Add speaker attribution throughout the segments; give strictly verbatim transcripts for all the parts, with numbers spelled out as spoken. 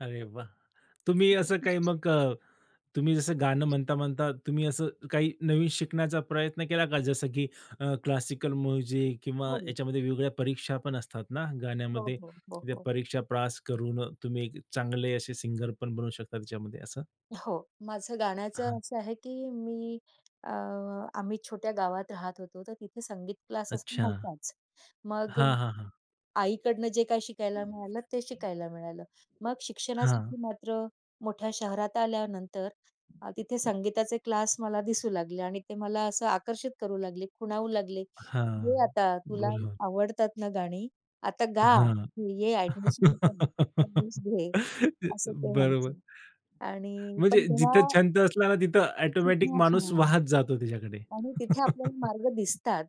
Speaker 1: अरे वाह! तुम्ही असं काही
Speaker 2: [unintelligible]
Speaker 1: मग अ, तुम्ही जसं गाणं म्हणता-म्हणता तुम्ही असं काही नवीन शिकण्याचा प्रयत्न केला का? जसं की अ, क्लासिकल म्युझिक किंवा
Speaker 2: हो.
Speaker 1: याच्यामध्ये वेगवेगळ्या परीक्षा पण असतात ना
Speaker 2: हो,
Speaker 1: गाण्यामध्ये?
Speaker 2: हो, हो,
Speaker 1: त्या
Speaker 2: हो.
Speaker 1: परीक्षा प्रास करून अ, तुम्ही चांगले असे सिंगर पण बनवू शकता त्याच्यामध्ये असं?
Speaker 2: हो, माझं गाण्याचं
Speaker 1: हां.
Speaker 2: असं आहे, की मी अ, आम्ही छोट्या गावात राहत होतो तर तिथे संगीत क्लासेस
Speaker 1: अच्छा.
Speaker 2: नव्हताच. मग अ,
Speaker 1: हां, हां, हां.
Speaker 2: आईकडनं जे काही शिकायला मिळालं ते शिकायला मिळालं. मग शिक्षणासाठी
Speaker 1: हां.
Speaker 2: मात्र मोठ्या शहरात आल्यानंतर अ, तिथे संगीताचे क्लास मला दिसू लागले आणि ते मला असं आकर्षित करू लागले, खुणावू लागले, "घे
Speaker 1: हां,
Speaker 2: आता तुला
Speaker 1: बरोबर.
Speaker 2: आवडतात ना गाणी, आता गा,
Speaker 1: हां.
Speaker 2: इथे ये अ‍ॅडमिशन कर अ‍ॅडमिशन घे."
Speaker 1: ते
Speaker 2: असं ते
Speaker 1: बरोबर.
Speaker 2: म्हणायचे. आणि
Speaker 1: म्हणजे
Speaker 2: पण
Speaker 1: जिथं
Speaker 2: तेव्हा
Speaker 1: छंद असला ना, तिथं
Speaker 2: तिथे
Speaker 1: ऑटोमॅटिक
Speaker 2: असं
Speaker 1: माणूस
Speaker 2: म्हणाले
Speaker 1: वाहत जातो त्याच्याकडे.
Speaker 2: आणि तिथे आपल्याला मार्ग दिसतात.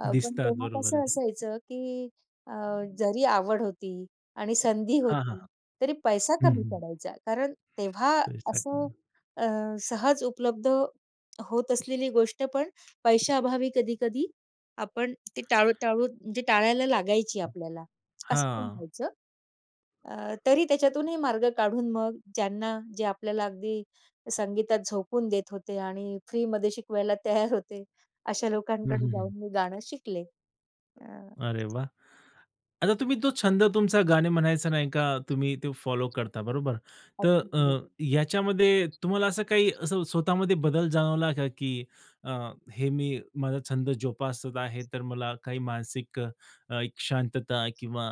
Speaker 2: अ, पण
Speaker 1: दिसतात
Speaker 2: तेव्हा
Speaker 1: बरोबर
Speaker 2: कसं
Speaker 1: आहे.
Speaker 2: असायचं, की अ, जरी आवड होती आणि संधी
Speaker 1: हां, हां.
Speaker 2: होती. तरी पैसा
Speaker 1: हं,
Speaker 2: कमी
Speaker 1: हं.
Speaker 2: पडायचा, कारण तेव्हा असं
Speaker 1: एक्झॅक्टली.
Speaker 2: अ, सहज उपलब्ध होत असलेली गोष्ट पण पैशाअभावी कधी-कधी आपण ते टाळू टाळून म्हणजे टाळायला लागायची आपल्याला, असं तेव्हा
Speaker 1: हां.
Speaker 2: व्हायचं. अ, तरी त्याच्यातूनही मार्ग काढून मग ज्यांना जे आपल्याला अगदी संगीतात झोकवून देत होते आणि फ्रीमध्ये शिकवायला तयार होते, अशा
Speaker 1: हं,
Speaker 2: लोकांकडे
Speaker 1: हं, हं.
Speaker 2: जाऊन मी गाणं शिकले. अ
Speaker 1: अरे वाह! आता तुम्ही तो छंद तुमचा गाणे म्हणायचं नाही का, तुम्ही ते फॉलो करता बरोबर. तर
Speaker 2: अगदी
Speaker 1: अ,
Speaker 2: बरोबर.
Speaker 1: याच्यामध्ये तुम्हाला असं काही असं स्वतःमध्ये बदल जाणवला का, की अ, हे मी माझा छंद जोपासत आहे, तर मला काही मानसिक अ, एक शांतता किंवा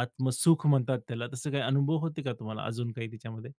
Speaker 1: आत्मसुख म्हणतात त्याला. तसं काही अनुभव होते का तुम्हाला अजून काही त्याच्यामध्ये?